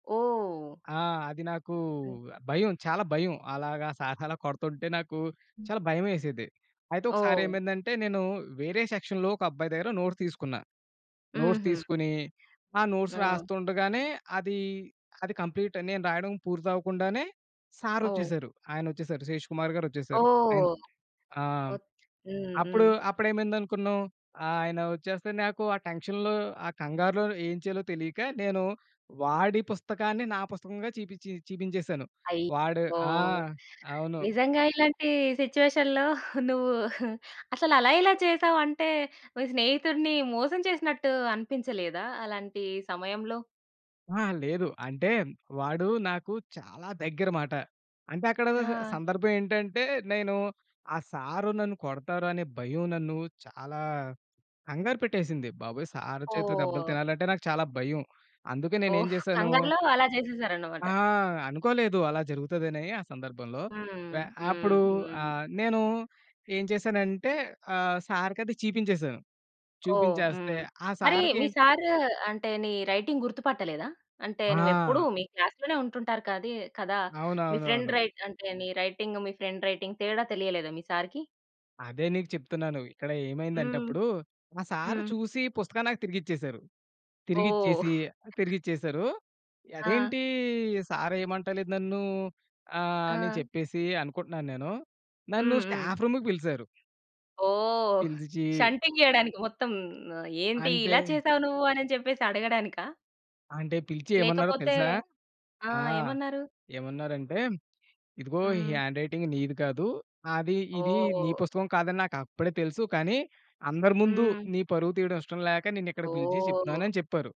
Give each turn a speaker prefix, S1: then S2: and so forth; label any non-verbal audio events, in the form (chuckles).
S1: ఓహ్!
S2: ఆ! అది నాకు
S1: హ్మ్.
S2: భయం. చాలా భయం. అలాగా సార్స్ అలా కొడుతుంటే నాకు
S1: హ్మ్.
S2: చాలా భయమేసేది. అయితే ఒకసారి
S1: ఓహ్!
S2: ఏమైందంటే, నేను వేరే సెక్షన్‌లో ఒక అబ్బాయి దగ్గర నోట్స్ తీసుకున్నా. నోట్స్
S1: హుహు.
S2: తీసుకొని, ఆ నోట్స్
S1: ఆ!
S2: రాస్తుండగానే అదీ అది కంప్లీట్ నేను రాయడం పూర్తవ్వకుండానే
S1: ఓహ్!
S2: సారొచ్చేసారు ఆయనొచ్చేసారు. శేష్ కుమార్ గారొచ్చేసారు. అయిన్
S1: ఓహ్!
S2: ఆహ్,
S1: ఓ
S2: హ్మ్,
S1: హ్మ్.
S2: అప్పుడు
S1: హ్మ్.
S2: అప్పుడేమైంది అనుకున్నావు, ఆయన వచ్చేస్తే నాకు ఆ టెన్షన్‌లో ఆ కంగారులోని ఏం చేయాలో తెలియక, నేను వాడి పుస్తకాన్ని నా పుస్తకంగా చీపిచ్చి చీపించేసాను. వాడు
S1: అయ్యో!
S2: ఆ! అవును.
S1: నిజంగా ఇలాంటి సిట్యుయేషన్‌లో (chuckles) నువ్వు అసలలా ఎలా చేసావు? అంటే, మీ స్నేహితుడిని మోసం చేసినట్టు అనిపించలేదా అలాంటి సమయంలో?
S2: ఆ! లేదు. అంటే వాడు నాకు చాలా దగ్గర మాట. అంటే, అక్కడ
S1: ఆ!
S2: సందర్భం ఏంటంటే నేను ఆ సారు నన్ను కొడతారనే భయం నన్ను చాలా కంగారు పెట్టేసింది. బాబోయ్! సారు చేతిలో దెబ్బలు
S1: ఓహ్!
S2: తినాలంటే, నాకు చాలా భయం. అందుకే నేనేం
S1: ఓహ్!
S2: చేశాను
S1: కంగారులో అలా చేసేసారన్నమాట.
S2: ఆ! అనుకోలేదు. అలా జరుగుతదని ఆ సందర్భంలో.
S1: హ్మ్.
S2: వె అప్పుడు
S1: హ్మ్. హ్మ్.
S2: ఆహ్, నేను ఏం చేశానంటే ఆహ్, సారుకది చీపించేసాను.
S1: ఓహ్!
S2: చూపించేస్తే,
S1: హ్మ్.
S2: ఆ
S1: మరి మీ
S2: సారుకేన్
S1: సారు అంటే, నీ రైటింగ్ గుర్తుపట్టలేదా? అంటే, నువ్వెప్పుడు
S2: ఆ!
S1: మీ క్లాస్‌లోనే ఉంటుంటారు కదీ కదా! మీ ఫ్రెండ్
S2: అవునవునవును.
S1: రైట్ అంటే నీ రైటింగు మీ ఫ్రెండ్ రైటింగ్ తేడా తెలియలేదా మీ సారుకి?
S2: అదే నీకు చెప్తున్నాను. ఇక్కడ ఏమైందంటే
S1: హ్మ్.
S2: అప్పుడు, మా సారు
S1: హ్మ్.
S2: చూసి పుస్తకం నాకు తిరిగిచ్చేసారు.
S1: ఓహ్!
S2: తిరిగిచ్చేసి తిరిగిచ్చేసారు.
S1: ఆ!
S2: అదేంటీ, సారు ఏమంటలేదు నన్నూ ఆహ్, అని
S1: ఆ!
S2: చెప్పేసి అనుకుంటున్నాను నేను. నన్ను
S1: హ్మ్. హ్మ్.
S2: స్టాఫ్ రూముకి పిలిసారు.
S1: ఓహ్!
S2: పిలిచి
S1: షంటింగ్ చేయడానికి మొత్తం, ఏంటి
S2: అంటే...
S1: ఇలా చేసావు నువ్వు అనని చెప్పేసి అడగడానికా?
S2: అంటే పిలిచి ఏమన్నారో
S1: లేకపోతే
S2: తెలుసా?
S1: ఆ!
S2: ఆ!
S1: ఏమన్నారు?
S2: ఏమన్నారంటే, "ఇదిగో ఈ
S1: హ్మ్.
S2: హ్యాండ్‌రైటింగ్ నీది కాదు. అది ఇది నీ
S1: ఓహ్!
S2: పుస్తకం కాదని నాకప్పుడే తెలుసు. కానీ, అందరి ముందు
S1: హ్మ్.
S2: నీ పరువు తీయడం ఇష్టం లేక, నిన్ను ఇక్కడ పిలిచి చెప్తున్నాను"
S1: ఓహ్!
S2: అని చెప్పారు.